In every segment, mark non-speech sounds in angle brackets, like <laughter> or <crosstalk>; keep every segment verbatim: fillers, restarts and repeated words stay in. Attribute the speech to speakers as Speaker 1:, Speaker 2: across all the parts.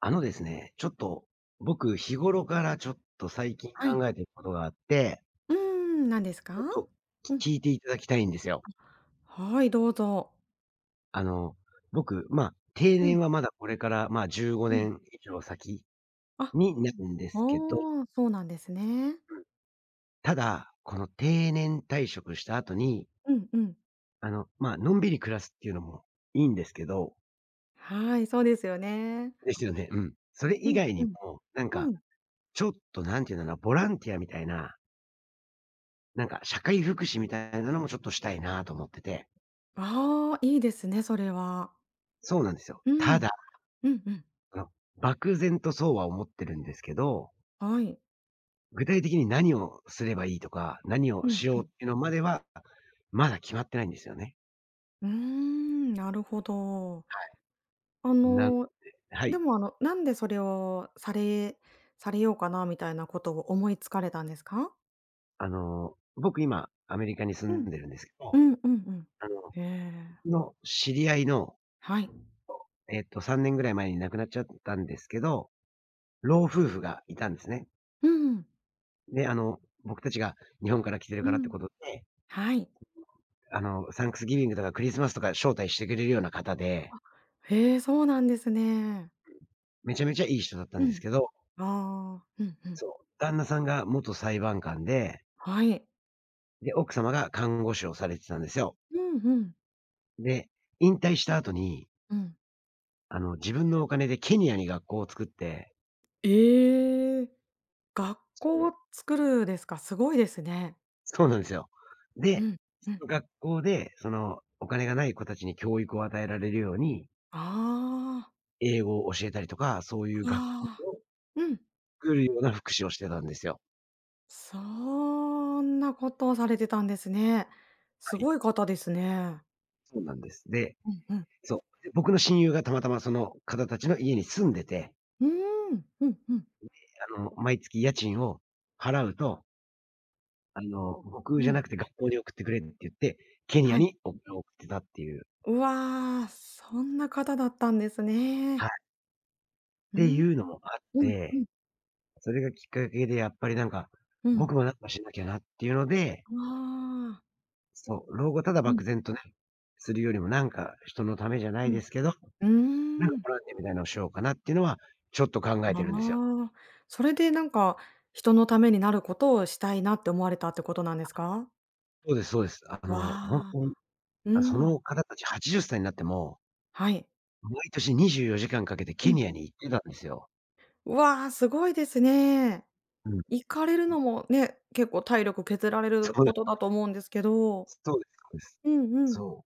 Speaker 1: あのですね、ちょっと僕日頃からちょっと最近
Speaker 2: はい。
Speaker 1: 考えてることがあって
Speaker 2: うーん、何ですか？
Speaker 1: ちょっと
Speaker 2: うん。
Speaker 1: き聞いていただきたいんですよ。
Speaker 2: あ、はい、どうぞ。
Speaker 1: あの僕まあ、定
Speaker 2: う
Speaker 1: 年
Speaker 2: ん。
Speaker 1: はまだこれからまあ、じゅうご
Speaker 2: う
Speaker 1: ね
Speaker 2: ん。
Speaker 1: ん以上先
Speaker 2: あ、あ
Speaker 1: になるんですけど
Speaker 2: あ、そうなんですね。
Speaker 1: うん。ただ、この定年退職した後に
Speaker 2: うんうん。
Speaker 1: あの、まあ、のんびり暮らすっていうのもいいんですけど
Speaker 2: はい、そうですよね。
Speaker 1: ですよね。うん。それ
Speaker 2: う
Speaker 1: 以
Speaker 2: ん
Speaker 1: 外に
Speaker 2: うん、
Speaker 1: も、なんか、
Speaker 2: うん。
Speaker 1: ちょっと何て言うなな、ボランティアみたいななんか社会福祉みたいなのもちょっとしたいなと思ってて
Speaker 2: ああ、いいですね、それは。
Speaker 1: そうなんですよ。
Speaker 2: う
Speaker 1: た
Speaker 2: ん。
Speaker 1: だ、
Speaker 2: うんうん。
Speaker 1: あの、漠然とそうは思ってるんですけど
Speaker 2: はい。
Speaker 1: 具体的に何をすればいいとか、何を
Speaker 2: うん
Speaker 1: し
Speaker 2: う
Speaker 1: ようっ
Speaker 2: ん。
Speaker 1: ていうのまでは、まだ決まってないんですよね。
Speaker 2: うーん、なるほど。
Speaker 1: はい。
Speaker 2: あ
Speaker 1: なので
Speaker 2: の、
Speaker 1: は
Speaker 2: で
Speaker 1: い。
Speaker 2: も、あのなんで、それをされされようかなみたいなことを思いつかれたんですか？
Speaker 1: あの、僕今アメリカに住
Speaker 2: う
Speaker 1: ん
Speaker 2: ん。
Speaker 1: でるんですけ
Speaker 2: う
Speaker 1: ど、
Speaker 2: んうんうん。
Speaker 1: あの、
Speaker 2: へえ。
Speaker 1: 僕の知り合いの、と
Speaker 2: はい。
Speaker 1: えっとさんねんぐらい前に亡くなっちゃったんですけど、老夫婦がいたんですね。
Speaker 2: うん。
Speaker 1: で、あの、僕たちが日本から来てる
Speaker 2: う
Speaker 1: からって
Speaker 2: ん。
Speaker 1: ことで
Speaker 2: はい。
Speaker 1: <unintelligible> あの、サンクスギビングとかクリスマスとか招待してくれるような方で。
Speaker 2: あ、へえ、そうなんですね。
Speaker 1: うん、めちゃめちゃいい人だったん
Speaker 2: う
Speaker 1: です
Speaker 2: ん、
Speaker 1: けど。
Speaker 2: ああ、ふんふん。
Speaker 1: そう。旦那さんが元裁判官で。
Speaker 2: はい。
Speaker 1: で、奥様が看護師をされてたんですよ。
Speaker 2: うんうん。
Speaker 1: で、引退した後に
Speaker 2: うん。
Speaker 1: あの自分のお金でケニアに学校を作って。
Speaker 2: ええ、学
Speaker 1: そ
Speaker 2: 校
Speaker 1: う。
Speaker 2: をつくるですか、すごいですね。
Speaker 1: そうなんですよ。
Speaker 2: う
Speaker 1: で、
Speaker 2: んう
Speaker 1: そ
Speaker 2: ん。
Speaker 1: の学校でそのお金がない子達に教育を与えられるように
Speaker 2: ああ。
Speaker 1: 英語を教えたりとか、そういう学校
Speaker 2: ああ、
Speaker 1: を、
Speaker 2: うん。
Speaker 1: 作るような福祉をしてたんですよ。
Speaker 2: そんなことをされてたんですね。
Speaker 1: は
Speaker 2: す
Speaker 1: い。
Speaker 2: ごい方ですね。
Speaker 1: そうなんです。で、
Speaker 2: うんうん。
Speaker 1: そう、で、僕の親友がたまたま、その方達の家に住んでて
Speaker 2: うーん、うんうん。
Speaker 1: んで、あの毎月家賃を払うとあの
Speaker 2: う
Speaker 1: 僕じゃ
Speaker 2: ん。
Speaker 1: なくて学校に送ってくれって言って、ケニア
Speaker 2: はい。
Speaker 1: に <unintelligible> を送ってたっていう。
Speaker 2: うわ、そんな方だったんです
Speaker 1: はい。
Speaker 2: ね。
Speaker 1: っ
Speaker 2: う
Speaker 1: て
Speaker 2: ん。
Speaker 1: いうのもあっ
Speaker 2: うんう
Speaker 1: て。
Speaker 2: ん。
Speaker 1: それがきっかけでやっぱりなんか、
Speaker 2: う
Speaker 1: 僕
Speaker 2: ん。
Speaker 1: もなんかしなきゃなっていうので
Speaker 2: ああ。
Speaker 1: そう。老後ただ
Speaker 2: う
Speaker 1: 漠
Speaker 2: ん。
Speaker 1: 然とね、するよりもなんか人のためじゃない
Speaker 2: う
Speaker 1: で
Speaker 2: ん、
Speaker 1: すけど。
Speaker 2: う
Speaker 1: なん
Speaker 2: ーん。
Speaker 1: ボランティアみたいのをしようかなっていうのは、ちょっと考え
Speaker 2: な
Speaker 1: てるんですよ。
Speaker 2: あ。それでなんか、人のためになることをしたいなって思われたってことなんですか？
Speaker 1: そうですそうです。あ
Speaker 2: わ
Speaker 1: の、ほんと
Speaker 2: あ、
Speaker 1: に、
Speaker 2: う
Speaker 1: あ、そ
Speaker 2: ん。
Speaker 1: の方達はちじゅっさいになっても
Speaker 2: はい。
Speaker 1: 毎年にじゅうよじかんかけて
Speaker 2: う
Speaker 1: ケニ
Speaker 2: ん。
Speaker 1: アに行ってたんですよ。
Speaker 2: わ、すごいですね。
Speaker 1: うん。
Speaker 2: 行かれるのも、ね、結構体力削られ
Speaker 1: そ
Speaker 2: る
Speaker 1: こで
Speaker 2: ことだと思うんですけど。
Speaker 1: そうですそうです。
Speaker 2: うんうん。
Speaker 1: そ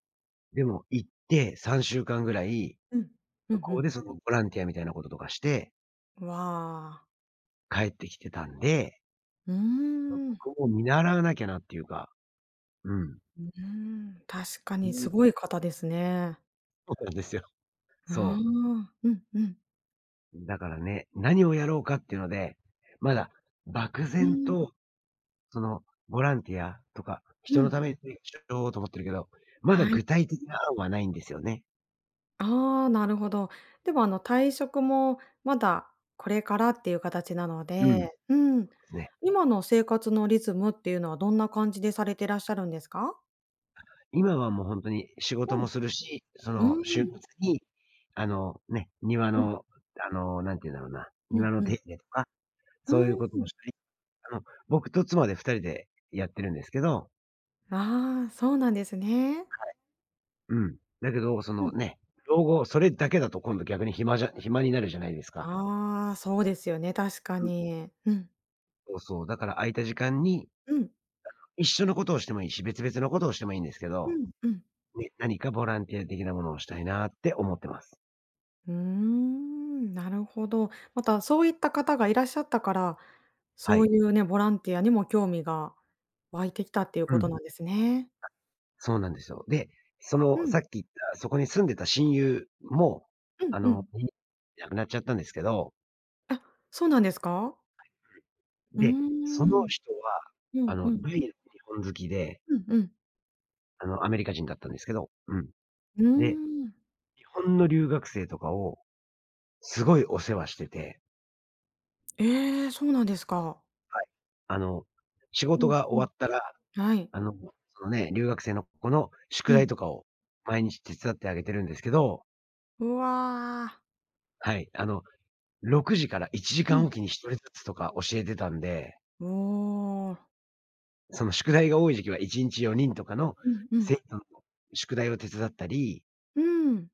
Speaker 1: う。でも行ってさんしゅうかんぐらい、
Speaker 2: うん。う
Speaker 1: 向
Speaker 2: んう
Speaker 1: こう
Speaker 2: ん。
Speaker 1: でそのボランティアみたいなこととかして
Speaker 2: わ。
Speaker 1: 帰ってきてたんで。
Speaker 2: うー
Speaker 1: ま、
Speaker 2: ん。
Speaker 1: 僕も見習わなきゃなっていうか。うん。
Speaker 2: うーん、確かにす
Speaker 1: <unintelligible>
Speaker 2: ごい方ですね。
Speaker 1: そうなんですよ。
Speaker 2: あ
Speaker 1: そう。
Speaker 2: あ。うんうん。
Speaker 1: だからね、何をやろうかっていうので、まだ漠
Speaker 2: う
Speaker 1: 然
Speaker 2: ーん。
Speaker 1: と、そのボランティアとか
Speaker 2: う
Speaker 1: 人の
Speaker 2: ん。
Speaker 1: ために <unintelligible> と思ってるけど、まだ
Speaker 2: はい。
Speaker 1: 具体的な案はないんですよね。
Speaker 2: ああ、なるほど。でもあの退職も、まだこれからっていう形なの
Speaker 1: うん。で
Speaker 2: で、うん。
Speaker 1: すね。
Speaker 2: 今の生活のリズムっていうのは、どんな感じでされてらっしゃるんですか？
Speaker 1: 今はもうほんとに仕事
Speaker 2: うん。
Speaker 1: もするし、そ
Speaker 2: う
Speaker 1: の
Speaker 2: ー
Speaker 1: 週末
Speaker 2: ん。
Speaker 1: に、あの、ね、庭
Speaker 2: うん。
Speaker 1: のあの何て言うんだろうな、
Speaker 2: う
Speaker 1: 庭
Speaker 2: ん
Speaker 1: の
Speaker 2: う
Speaker 1: 手
Speaker 2: ん。
Speaker 1: 入れとか、
Speaker 2: う
Speaker 1: そういう
Speaker 2: ー
Speaker 1: ことを
Speaker 2: ん。
Speaker 1: したり、あの、僕と妻でふたりでやってるんですけど。
Speaker 2: ああ、そうなんですね。
Speaker 1: はい。うん。だけどそ
Speaker 2: う
Speaker 1: の
Speaker 2: ん。
Speaker 1: ね、老後それだけだと今度逆に暇じゃ暇になるじゃないですか。
Speaker 2: ああ、そうですよね。確か
Speaker 1: うん。
Speaker 2: に。うん。
Speaker 1: そうそう、だから空いた時間に、
Speaker 2: うん。
Speaker 1: <unintelligible> 一緒のことをしてもいいし、別々のことをしてもいいんですけ
Speaker 2: う
Speaker 1: ど、
Speaker 2: んうん。
Speaker 1: ね、何かボランティア的なものをしたいなって思ってます。
Speaker 2: うーん、なるほど。またそういった方がいらっしゃったから、
Speaker 1: は
Speaker 2: そう
Speaker 1: い。
Speaker 2: いうね、ボランティアにも興味が湧いてきたっていう
Speaker 1: うん。
Speaker 2: こ
Speaker 1: は
Speaker 2: と
Speaker 1: い。
Speaker 2: なんですね。
Speaker 1: そうなんですよ。で、そ
Speaker 2: う
Speaker 1: のさっ
Speaker 2: ん。
Speaker 1: き言った、そこに住んでた親友も、
Speaker 2: うん
Speaker 1: あ
Speaker 2: う
Speaker 1: の、
Speaker 2: ん。
Speaker 1: ん亡くなっちゃったんですけど
Speaker 2: あ、そうなんですか？
Speaker 1: <unintelligible>
Speaker 2: うー
Speaker 1: で、その
Speaker 2: ん。
Speaker 1: 人は、
Speaker 2: う
Speaker 1: あ
Speaker 2: ん
Speaker 1: の
Speaker 2: う
Speaker 1: 大
Speaker 2: ん。
Speaker 1: の日本好きで
Speaker 2: うんうん。
Speaker 1: あのアメリカ人だったんですけど。うん。
Speaker 2: うー
Speaker 1: で、
Speaker 2: ん。
Speaker 1: 日本の留学生とかを、すごいお世話してて
Speaker 2: ええ、そうなんですか。
Speaker 1: はい。あの、仕
Speaker 2: う
Speaker 1: 事
Speaker 2: ん
Speaker 1: が
Speaker 2: う
Speaker 1: 終
Speaker 2: ん、
Speaker 1: わったら、
Speaker 2: はい。
Speaker 1: あの、そのね、留学生の子の
Speaker 2: う
Speaker 1: 宿題
Speaker 2: ん。
Speaker 1: とかを毎日手伝ってあげてるんですけど
Speaker 2: うわ。
Speaker 1: はい。あのろくじからいちじ
Speaker 2: う
Speaker 1: か
Speaker 2: ん。
Speaker 1: んおきにひとりずつとか教えてたんで
Speaker 2: おお。
Speaker 1: その宿題が多い時期はいちんちよにんとかの
Speaker 2: うんう
Speaker 1: 生
Speaker 2: ん。
Speaker 1: 徒さんの宿題を手伝ったり
Speaker 2: うーん。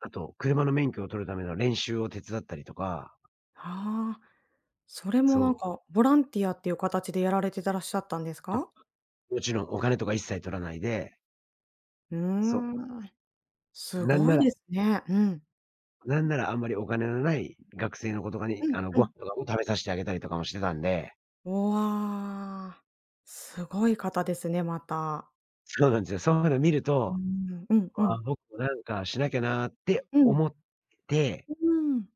Speaker 1: あと、車の免許を取るための練習を手伝ったりとか。
Speaker 2: はあ。それも、
Speaker 1: そ
Speaker 2: なん
Speaker 1: う。
Speaker 2: か、ボランティアっていう形でやられてたらっしゃったんです
Speaker 1: あ、
Speaker 2: か？
Speaker 1: もちろんお金とか一切取らないで。
Speaker 2: うー
Speaker 1: そう。
Speaker 2: ん。す
Speaker 1: なん
Speaker 2: ご
Speaker 1: な
Speaker 2: い
Speaker 1: ら
Speaker 2: ですね、うん。
Speaker 1: なんならあんまりお金のない学生の子とかに、
Speaker 2: う
Speaker 1: あ
Speaker 2: ん
Speaker 1: の、
Speaker 2: う
Speaker 1: ご
Speaker 2: ん。
Speaker 1: 飯とかも食べさしてあげたりとかもしてたんで。
Speaker 2: おお、わあ。すごい方ですね、また。
Speaker 1: そうなんですよ。そんなの見る
Speaker 2: うー
Speaker 1: と、
Speaker 2: ん、うんう
Speaker 1: あ、
Speaker 2: ん。
Speaker 1: 僕もなんかしなきゃなって
Speaker 2: うん。
Speaker 1: 思って
Speaker 2: ううーん。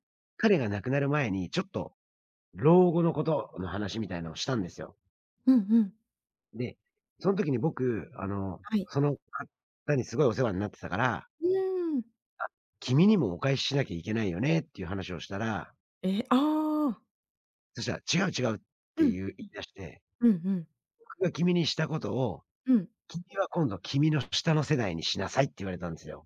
Speaker 1: 彼が亡くなる前にちょっと、老後のことの話みたいのをしたんですよ。
Speaker 2: うんうん。
Speaker 1: で、そん時に僕あの、
Speaker 2: はい。
Speaker 1: その方にすごいお世話んなってたから
Speaker 2: うーん。
Speaker 1: 「あ、君にもお返ししなきゃいけないよね」っていう話をしたら
Speaker 2: え、ああ。
Speaker 1: そしたら「違う、違う」っ
Speaker 2: う
Speaker 1: て
Speaker 2: ん。
Speaker 1: 言う言い出して。
Speaker 2: うんうん。
Speaker 1: 「僕が君にしたことを、
Speaker 2: うん。
Speaker 1: 君は今度君の下の世代にしなさい」って言われたんですよ。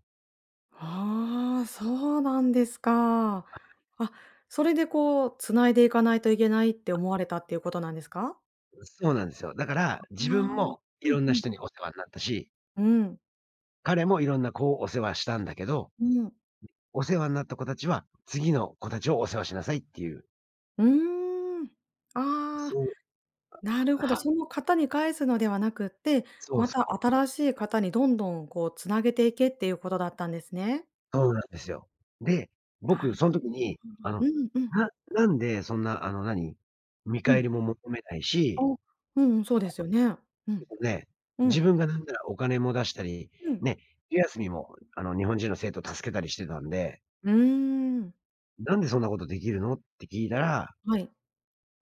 Speaker 2: ああ、そうなんですか。
Speaker 1: はい。
Speaker 2: あ、それでこう、繋いでいかないといけないって思われたっていうことなんですか？
Speaker 1: う、そうなんですよ。だから、
Speaker 2: あ
Speaker 1: 自
Speaker 2: あ
Speaker 1: 分
Speaker 2: あ、
Speaker 1: もい
Speaker 2: う
Speaker 1: ろ
Speaker 2: ん
Speaker 1: んな
Speaker 2: うん。
Speaker 1: 人にお世話んなったし
Speaker 2: うん。
Speaker 1: 彼も色んな子をお世話したんだけど
Speaker 2: うん。
Speaker 1: お世話んなった子達は、次の子達をお世話しなさいっていう。
Speaker 2: うん。ああ。
Speaker 1: そう。
Speaker 2: なるほど、
Speaker 1: あ、は
Speaker 2: そ
Speaker 1: い。
Speaker 2: の方に返すのではなくって、
Speaker 1: そう
Speaker 2: ま
Speaker 1: そ
Speaker 2: た
Speaker 1: う。
Speaker 2: 新しい方にどんどん、こう繋げていけっていうことだったんですね。
Speaker 1: そうなんですよ。で、
Speaker 2: な
Speaker 1: 僕
Speaker 2: る
Speaker 1: そん時
Speaker 2: <unintelligible>
Speaker 1: に、あの、
Speaker 2: うんうん。
Speaker 1: ななんでそんなあの何？見
Speaker 2: う
Speaker 1: 返
Speaker 2: ん。
Speaker 1: りも求めないし。
Speaker 2: お、うんうん、そうですよね。う
Speaker 1: <unintelligible> で
Speaker 2: ん。
Speaker 1: すね。
Speaker 2: う
Speaker 1: 自
Speaker 2: ん。
Speaker 1: 分がなんならお金も出したり、
Speaker 2: うん。
Speaker 1: ね、<unintelligible> あの、日本人の生徒を助けたりしてたんで
Speaker 2: うーん。
Speaker 1: 「なんでそんな事出来るの？」って聞いたら
Speaker 2: はい。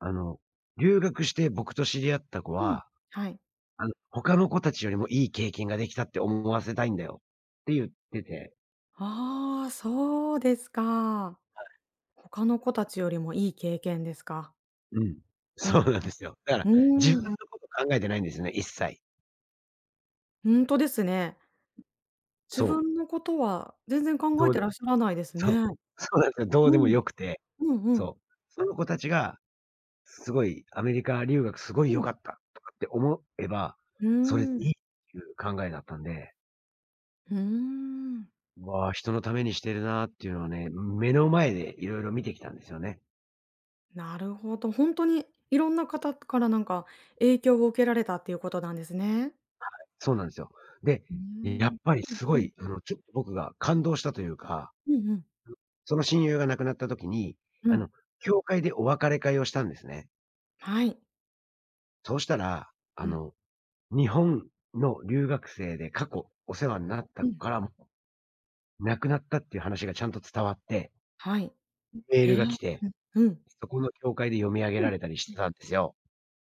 Speaker 1: あの「留学して僕と知り合った子
Speaker 2: うん、
Speaker 1: は。
Speaker 2: はい。
Speaker 1: あの、他の子たちよりもいい経験ができたって思わせたいんだよ。」って言ってて
Speaker 2: ああ、そうですか。
Speaker 1: はい。
Speaker 2: 他の子たちよりもいい経験ですか。
Speaker 1: うん。
Speaker 2: う
Speaker 1: そう
Speaker 2: ん
Speaker 1: なんですよ。だから、
Speaker 2: う
Speaker 1: 自
Speaker 2: ん。うーん。
Speaker 1: 分のこと考えてないんですよね、一切。
Speaker 2: ほんとですね。自
Speaker 1: そう。
Speaker 2: 分のことは全然考
Speaker 1: ど
Speaker 2: え
Speaker 1: うで
Speaker 2: て
Speaker 1: も
Speaker 2: らっしゃらないですね。
Speaker 1: そう。そうなんすよ、どうで
Speaker 2: う
Speaker 1: も
Speaker 2: ん。
Speaker 1: 良くて。
Speaker 2: うんうん。
Speaker 1: そう。その子たちが、すごいアメリカ留学すごい
Speaker 2: う
Speaker 1: 良
Speaker 2: ん。
Speaker 1: かったとかって思えば、
Speaker 2: うー
Speaker 1: それでい
Speaker 2: ん。
Speaker 1: いっていう考えだったんで。
Speaker 2: うーん。
Speaker 1: わあ、人のためにしてるなっていうのはね、ん、目の前でいろいろ見てきたんですよね。
Speaker 2: なるほど。ほんとに、いろんな方から、なんか、影響を受けられたっていうことなんですね。
Speaker 1: はい、そうなんですよ。で、
Speaker 2: うー
Speaker 1: え、やっ
Speaker 2: ん、
Speaker 1: ぱり
Speaker 2: うん
Speaker 1: す
Speaker 2: う
Speaker 1: ご
Speaker 2: ん。
Speaker 1: い、うん、ちょっと僕が感動したというか、う、
Speaker 2: うんうん。
Speaker 1: その親友が亡くなった時に、
Speaker 2: う
Speaker 1: あ
Speaker 2: ん。
Speaker 1: の、教会でお別れ会をしたんですね。
Speaker 2: はい。
Speaker 1: そうしたら、あ
Speaker 2: うん。
Speaker 1: の、日本の留学生で過去お世話になった
Speaker 2: うん。
Speaker 1: からも、亡くなったっていう話がちゃんと伝わって
Speaker 2: はい、
Speaker 1: ん、メー
Speaker 2: え
Speaker 1: ル
Speaker 2: え、
Speaker 1: が来て、
Speaker 2: ううん。
Speaker 1: そこの教会で読み上げ
Speaker 2: う
Speaker 1: ら
Speaker 2: ん。
Speaker 1: れたりしてたんですよ。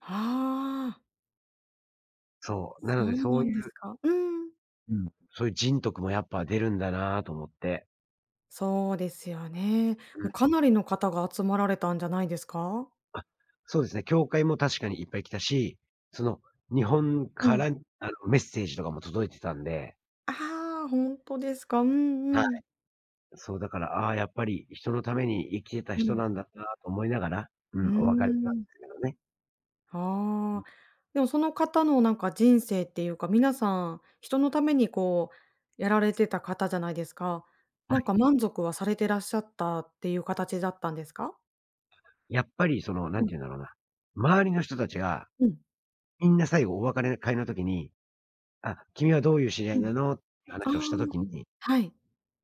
Speaker 2: はあ。
Speaker 1: そう、なの
Speaker 2: そ
Speaker 1: で
Speaker 2: う
Speaker 1: そう
Speaker 2: なん
Speaker 1: い
Speaker 2: です
Speaker 1: う
Speaker 2: か。うん。
Speaker 1: うん。そういう人徳もやっぱ出るんだなと思って。
Speaker 2: そうですよね。
Speaker 1: う
Speaker 2: もう
Speaker 1: ん。
Speaker 2: かなりの方が集まられたんじゃないですか？
Speaker 1: あ、そうですね、教会も確かにいっぱい来たし、その日本
Speaker 2: う
Speaker 1: から、
Speaker 2: ん。
Speaker 1: あのメッセージとかも届いてたんで。
Speaker 2: ああ、ほんとですか。う
Speaker 1: はい。
Speaker 2: んうん。
Speaker 1: そう、だから、ああ、やっぱり人のために生きてた
Speaker 2: う
Speaker 1: 人
Speaker 2: ん。
Speaker 1: なんだなと思いながら、う
Speaker 2: う
Speaker 1: ん、お別れしたんで
Speaker 2: ーん。
Speaker 1: すけどね。う
Speaker 2: あ
Speaker 1: ん。
Speaker 2: あ。でもその方のなんか人生っていうか、皆さん、人のためにこうやられてた方じゃないですか。
Speaker 1: は
Speaker 2: なん
Speaker 1: い。
Speaker 2: か満足はされてらっしゃったっていう形だったんですか？
Speaker 1: やっぱりその
Speaker 2: う
Speaker 1: 何
Speaker 2: ん。
Speaker 1: て言うんだろうな、周りの人たちが、
Speaker 2: うん。
Speaker 1: みんな最後お別れ会の時に、「あ、君はどういう知り合い
Speaker 2: うん。
Speaker 1: なの？」って
Speaker 2: ああ、
Speaker 1: 話をした時に
Speaker 2: はい。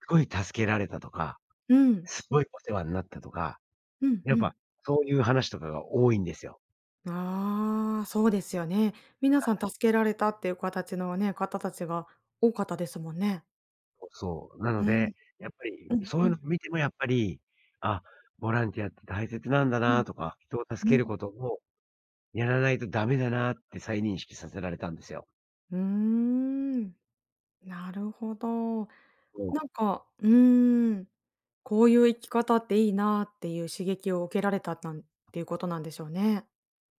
Speaker 1: すごい助けられたとか、
Speaker 2: うん。
Speaker 1: すごいお世話になったとか、
Speaker 2: うんう
Speaker 1: やっ
Speaker 2: ん。
Speaker 1: ぱそういう話とかが多いんですよ。
Speaker 2: ああ、そうですよね。皆
Speaker 1: は
Speaker 2: さん
Speaker 1: い。
Speaker 2: 助けられたっていう形のね、方たちが多かったですもんね。
Speaker 1: もう、そう、なの
Speaker 2: うん。
Speaker 1: で、やっぱり
Speaker 2: うん
Speaker 1: そうい
Speaker 2: う
Speaker 1: うの
Speaker 2: ん。
Speaker 1: 見てもやっぱり、あ、ボランティアって大切なんだ
Speaker 2: う
Speaker 1: な
Speaker 2: ん。
Speaker 1: とか、人を助
Speaker 2: う
Speaker 1: け
Speaker 2: ん。
Speaker 1: ることをやらないとダメだなって再認識させられたんですよ。
Speaker 2: うーん。なるほど。
Speaker 1: おう。
Speaker 2: なんか、うーん、こういう生き方っていいなっていう刺激を受けられた、たんっていうことなんでしょうね。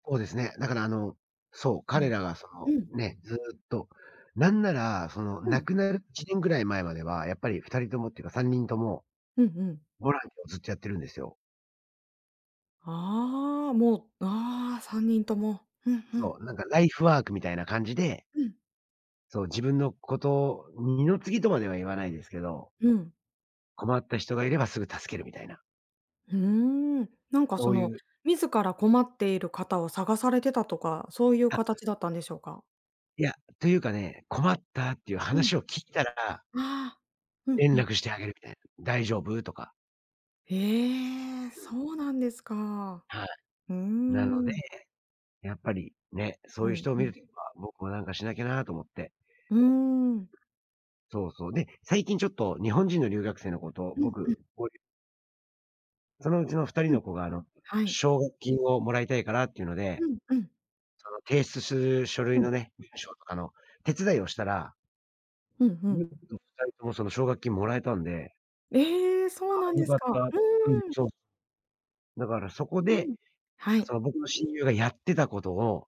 Speaker 1: そうですね。だからあの、そう、
Speaker 2: う
Speaker 1: 彼
Speaker 2: ん。
Speaker 1: らがそ
Speaker 2: う
Speaker 1: の、
Speaker 2: ん。
Speaker 1: ね、ずっと、なんならその
Speaker 2: う
Speaker 1: 亡
Speaker 2: ん。
Speaker 1: くなるいちねんぐらい前まではやっぱりふたりともっていうかさんにんとも、
Speaker 2: うんうん。
Speaker 1: ボランティアをずっとやってるんですよ。
Speaker 2: ああ、もう、ああ、さんにんとも。ふんふん。
Speaker 1: そう、なんかライフワークみたいな感じで。
Speaker 2: うん。
Speaker 1: そう、自分のこと、二の次とまでは言わないですけど。
Speaker 2: うん。
Speaker 1: 困った人がいればすぐ助けるみたいな。
Speaker 2: ふーん。なんか
Speaker 1: そ
Speaker 2: そ
Speaker 1: うい
Speaker 2: の
Speaker 1: う
Speaker 2: 自ら困っている方を探されてたとか、そういう
Speaker 1: あ。
Speaker 2: 形だったんでしょうか？
Speaker 1: いや、というかね、困ったっていう
Speaker 2: うん。
Speaker 1: 話を聞いたら
Speaker 2: ああ、うん
Speaker 1: 連
Speaker 2: うん。
Speaker 1: 絡してあげるみたいな。「大丈夫？」とか。
Speaker 2: ええ、
Speaker 1: うん。
Speaker 2: そうなんですか、
Speaker 1: はい、
Speaker 2: うー
Speaker 1: なので、
Speaker 2: ん。
Speaker 1: やっぱりね、そう
Speaker 2: う
Speaker 1: 言う
Speaker 2: ん
Speaker 1: 人を
Speaker 2: う
Speaker 1: 見る
Speaker 2: ん。
Speaker 1: <unintelligible> 僕も、何かしなきゃなと思って。
Speaker 2: うーん。
Speaker 1: そうそう、で、最近ちょっと、日本人の留学生の子と、
Speaker 2: うんうん。
Speaker 1: 僕、合流そのうちのふたり
Speaker 2: うん、
Speaker 1: の子が、あの
Speaker 2: はい。
Speaker 1: 奨学金を、貰いたいからって言うので、
Speaker 2: うんうん。
Speaker 1: あの、提出する書類
Speaker 2: うん。
Speaker 1: のね、文章とかの、手伝いをしたら
Speaker 2: うんう
Speaker 1: 見
Speaker 2: ん。
Speaker 1: 事ふたり共、その奨学金貰えたんで。
Speaker 2: ええ、
Speaker 1: あ
Speaker 2: そうなん
Speaker 1: あ、良
Speaker 2: で
Speaker 1: か
Speaker 2: す
Speaker 1: っ
Speaker 2: か、
Speaker 1: た。
Speaker 2: う
Speaker 1: うん、
Speaker 2: ーん。
Speaker 1: そう。だからそこ
Speaker 2: う
Speaker 1: で、
Speaker 2: ん、は
Speaker 1: そ
Speaker 2: い。
Speaker 1: の、僕の親友がやってた事を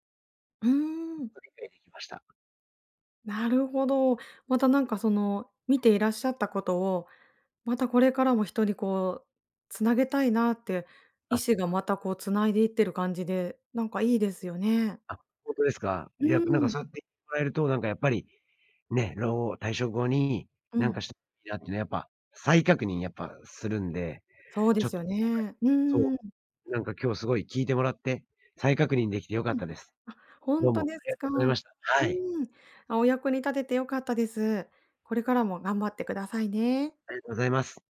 Speaker 2: うー
Speaker 1: やっ
Speaker 2: ん。
Speaker 1: と理解出来ました。
Speaker 2: なるほど、また何か、その、見ていらっしゃった事を、またこれからも人に、こう、繋げたいなって、意
Speaker 1: あ。
Speaker 2: 志がまたこう、繋いで行ってる感じで、何か良いですよね。
Speaker 1: あ、ほんとですか。
Speaker 2: う
Speaker 1: いや、何か、
Speaker 2: ーん。
Speaker 1: そう言ってもらえると、何かやっぱりね、老後、退職後に、
Speaker 2: う
Speaker 1: 何か
Speaker 2: ん。
Speaker 1: したいいなってのやっぱ再確認、やっぱするんで、
Speaker 2: そうで
Speaker 1: ちょっ
Speaker 2: す
Speaker 1: と
Speaker 2: よね、う
Speaker 1: 今回、そ
Speaker 2: ーん。
Speaker 1: う、何か今日、凄い聞いてもらって、再確認出来て良かっ
Speaker 2: うん、
Speaker 1: たです、
Speaker 2: あ、ほ
Speaker 1: ど
Speaker 2: ん
Speaker 1: う
Speaker 2: と
Speaker 1: も
Speaker 2: で
Speaker 1: あり
Speaker 2: す
Speaker 1: がと
Speaker 2: か。
Speaker 1: うござい
Speaker 2: う
Speaker 1: ました、はい。
Speaker 2: ーん、あ、お役に立てて良かったです、これからも頑張って下さいね。
Speaker 1: ありがとうございます。